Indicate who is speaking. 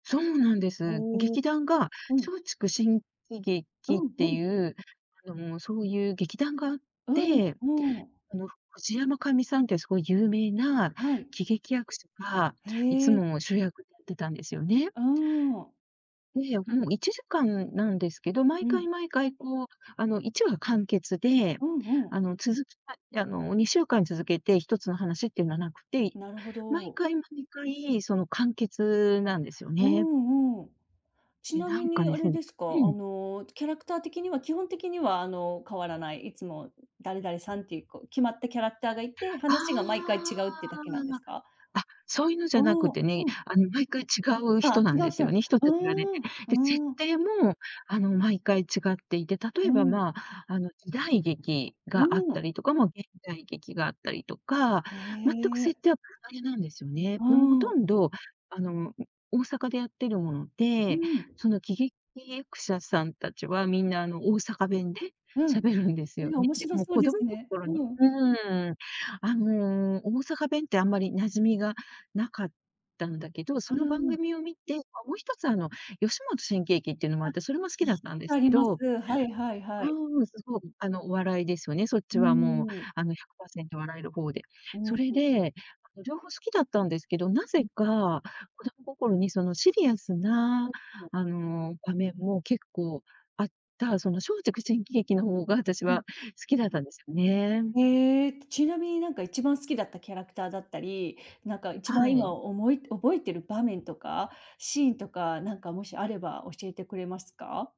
Speaker 1: そうなんです。
Speaker 2: おお。
Speaker 1: 劇団が
Speaker 2: うん。
Speaker 1: 松竹新喜
Speaker 2: う
Speaker 1: 劇っ
Speaker 2: んう
Speaker 1: て
Speaker 2: ん。
Speaker 1: いう、あの、そういう劇団があっ
Speaker 2: うーんう
Speaker 1: て、
Speaker 2: ーん。
Speaker 1: あの、藤山寛美さんって、すごい有名な
Speaker 2: はい。
Speaker 1: 喜劇役者が、
Speaker 2: へ
Speaker 1: いつ
Speaker 2: え。
Speaker 1: も主役やってたんですよね。
Speaker 2: うーん。
Speaker 1: で、もう、1時間なんですけど、
Speaker 2: う
Speaker 1: 毎
Speaker 2: ん。
Speaker 1: 回毎回、こう、あの、1話完結で、
Speaker 2: うんうん。
Speaker 1: あの、続き、あの、2週間続けて1つの話っていうのはなくて、
Speaker 2: なるほ
Speaker 1: 毎
Speaker 2: ど。
Speaker 1: 回毎回、その、完結なんですよ
Speaker 2: うー
Speaker 1: ね。
Speaker 2: ん、うん。ち
Speaker 1: え、
Speaker 2: な
Speaker 1: な
Speaker 2: み
Speaker 1: んか
Speaker 2: に、
Speaker 1: で
Speaker 2: あ
Speaker 1: す
Speaker 2: れで
Speaker 1: ね
Speaker 2: すか。あ
Speaker 1: うん。
Speaker 2: の、キャラクター的には、基本的には、あの、変わらない、いつも誰々さんっていう、こ、決まったキャラクターがいて、
Speaker 1: ああ。
Speaker 2: 話が毎回違うってだけなんですか？
Speaker 1: あ、そういうのじゃな
Speaker 2: お
Speaker 1: く
Speaker 2: お、
Speaker 1: てね、
Speaker 2: うん。
Speaker 1: あの、毎回違う
Speaker 2: あ
Speaker 1: 人
Speaker 2: あ、
Speaker 1: なん
Speaker 2: 違
Speaker 1: で
Speaker 2: う
Speaker 1: す
Speaker 2: 人
Speaker 1: よ
Speaker 2: な
Speaker 1: ね、人
Speaker 2: う
Speaker 1: たちがね。
Speaker 2: ーん
Speaker 1: で、設
Speaker 2: うーん。
Speaker 1: 定も、あの、毎回違っていて、例
Speaker 2: う
Speaker 1: えば、
Speaker 2: ん。
Speaker 1: まあ、あの、時代劇
Speaker 2: う
Speaker 1: があっ
Speaker 2: ー
Speaker 1: た
Speaker 2: ん。
Speaker 1: りとか、ま、現代劇があったりとか、
Speaker 2: へ
Speaker 1: 全く
Speaker 2: え。
Speaker 1: 設定は なんですよね。
Speaker 2: う
Speaker 1: でも、ほ
Speaker 2: ー
Speaker 1: と
Speaker 2: ん。
Speaker 1: んど、あの、ん、大阪でやってるもの
Speaker 2: うー
Speaker 1: で、
Speaker 2: ん。
Speaker 1: その喜劇役者さん達はみんな、あの、大阪弁で
Speaker 2: うん。
Speaker 1: 喋るんです
Speaker 2: え、
Speaker 1: よね。
Speaker 2: 面
Speaker 1: で
Speaker 2: 白
Speaker 1: も
Speaker 2: そう
Speaker 1: 子
Speaker 2: で
Speaker 1: 供
Speaker 2: すね。
Speaker 1: 心に
Speaker 2: うん。
Speaker 1: うーん、あの、大阪弁って、あんまり馴染みが無かったんだけど、
Speaker 2: う
Speaker 1: そ
Speaker 2: ー
Speaker 1: の番
Speaker 2: ん。
Speaker 1: 組を見てあ、もう、1つ、あの、吉本新喜劇っていうのもあ
Speaker 2: あ、
Speaker 1: って、それも好き
Speaker 2: 聞い
Speaker 1: だっ
Speaker 2: た
Speaker 1: たん
Speaker 2: こ
Speaker 1: で
Speaker 2: と
Speaker 1: す
Speaker 2: あ
Speaker 1: け
Speaker 2: ります。
Speaker 1: どう
Speaker 2: はいはいはい。
Speaker 1: ーん、そそう、ん、あの、お笑いですよね、そっ
Speaker 2: うー
Speaker 1: ちは、もう、
Speaker 2: ん。
Speaker 1: あの、100%笑える方で。
Speaker 2: うー
Speaker 1: それ
Speaker 2: ん。
Speaker 1: で、あの、両方好きだったんですけど、何
Speaker 2: うん。
Speaker 1: 故か子供心に、その、シリアスな、あの、場面も結構あった、その、松竹新喜劇の方が私
Speaker 2: うん。
Speaker 1: は好きだったんですよね。
Speaker 2: ええ。ちなみに、なんか、一番好きだったキャラクターだったり、なんか、一
Speaker 1: は
Speaker 2: 番今、
Speaker 1: い。
Speaker 2: 思い覚えてる場面とか、シーンとか、なんか、もしあれば教えてくれますか？